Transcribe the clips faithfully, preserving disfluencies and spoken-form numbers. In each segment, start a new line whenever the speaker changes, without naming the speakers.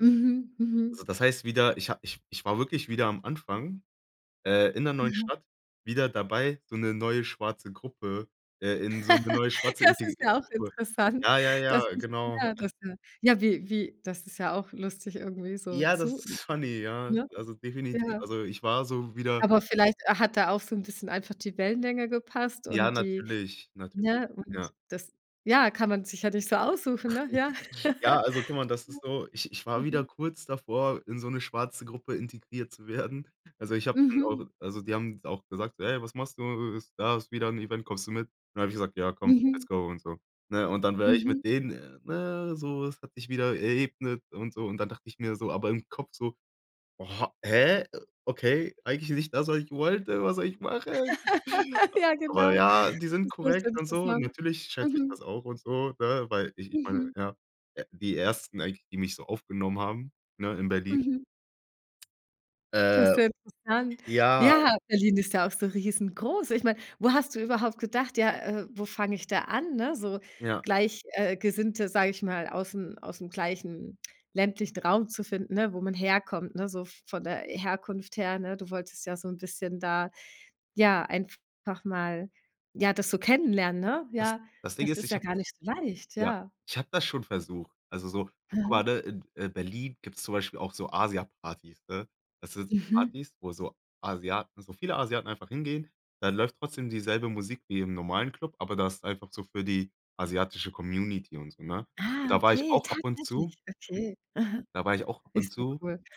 Mhm,
Also,
mhm.
das heißt wieder, ich ha ich ich war wirklich wieder am Anfang, äh, in der neuen
Mhm.
Stadt wieder dabei, so 'ne neue schwarze Gruppe äh, in so 'ne neue schwarze
Das
inte
ist ja auch
kur
interessant,
ja, ja,
dass
ja,
ich
genau,
ja,
äh.
dass ja ja, wie wie das ist ja auch lustig irgendwie so
Ja, das
zu
ist funny, ja.
ne,
Also, definitiv.
ja.
Also, ich war so wieder
Aber vielleicht hat da auch so 'n bisschen einfach die Wellenlänge gepasst
Ja,
und die
natürlich, natürlich,
ne, und
ja.
das ja, kann man sich ja nicht so aussuchen, ne, ja.
Ja, also, guck mal, das ist so, ich ich war wieder
Mhm.
kurz davor, in so 'ne schwarze Gruppe integriert zu werden. Also, ich habe dann
Mhm.
auch also, die haben auch gesagt, so: „Ey, was machst du? Da ist wieder 'n Event, kommst du mit?“ Dann habe ich gesagt: „Ja, komm, let's
Mhm.
go“ und so. Ne, und dann wäre ich
Mhm.
mit denen ne, so, es hat sich wieder erebnet und so. Und dann dachte ich mir so aber im Kopf so: „Ho hä? Okay, eigentlich nicht das, was ich wollte. Was soll ich machen?“
Ja,
Aber
genau.
ja, die sind
Das ist
korrekt und so.
interessant,
Natürlich schätze ich
mhm.
das auch und so, ne, weil ich ich meine,
Mhm.
äh, ja, die Ersten eigentlich, die mich so aufgenommen haben, ne, in Berlin.
Mhm. Das ist
Äh,
sehr interessant.
ja.
Ja, Berlin ist ja auch so riesengroß. Ich meine, wo hast du überhaupt gedacht, ja: „Äh, wo fange ich da an“, ne? So
Ja.
gleich äh, Gesinnte, sage ich mal, aus 'n aus 'm gleichen ländlichen Raum zu finden, ne, wo man herkommt, ne, so v von der Herkunft her, ne? Du wolltest ja so 'n bisschen da, ja, einfach mal, ja, das so kennenlernen, ne?
Das
Ja,
das Ding
das
ist,
ist
ich
ja
habe
gar
das
nicht so leicht,
ja,
ja.
ich habe das schon versucht. Also, so guck
Mhm.
mal, ne, in Berlin gibt's zum Beispiel auch so Asiapartys, ne? Das sind
Mhm.
Partys, wo so Asiaten so viele Asiaten einfach hingehen, dann läuft trotzdem dieselbe Musik wie im normalen Club, aber das ist einfach so für die asiatische Community und so, ne?
Ah,
Und da war ich
okay,
auch ab und zu.
tatsächlich, okay. Mhm.
Da war ich auch ab und
Ist ja
zu
cool.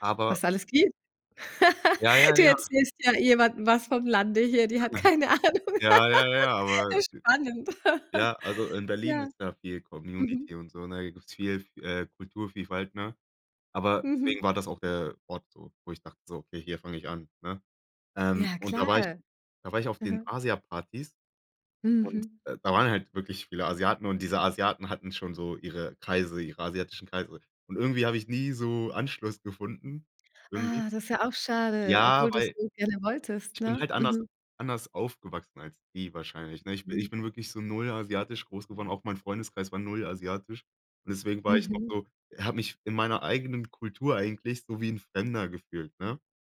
aber
Was alles gibt?
Ja, ja,
Du
ja.
erzählst ja jemanden was vom Lande hier, die hat keine Ahnung.
Ja, ja, ja,
Das
aber
ist spannend.
ja, also, in Berlin
Ja,
ist da viel
mhm.
Community und so, ne? Da gibt's viel v äh, Kulturvielfalt, ne? Aber
Mhm.
deswegen war das auch der Ort so, wo ich dachte so: „Okay, hier fange ich an“, ne? Ähm,
Ja,
und da war ich
klar,
da war ich auf den
mhm.
Asiapartys und,
Mhm.
äh, da waren halt wirklich viele Asiaten und diese Asiaten hatten schon so ihre Kreise, ihre asiatischen Kreise. Und irgendwie habe ich nie so Anschluss gefunden, irgendwie.
Ah, das ist ja auch schade,
Ja,
obwohl du es
weil
so gerne wolltest,
ich bin
ne,
halt anders
mhm.
anders aufgewachsen als die wahrscheinlich, ne? Ich bi ich
Mhm.
bin wirklich so null asiatisch groß geworden. Auch mein Freundeskreis war null asiatisch. Und deswegen war ich noch
Mhm.
so habe mich in meiner eigenen Kultur eigentlich so wie 'n Fremder gefühlt, ne?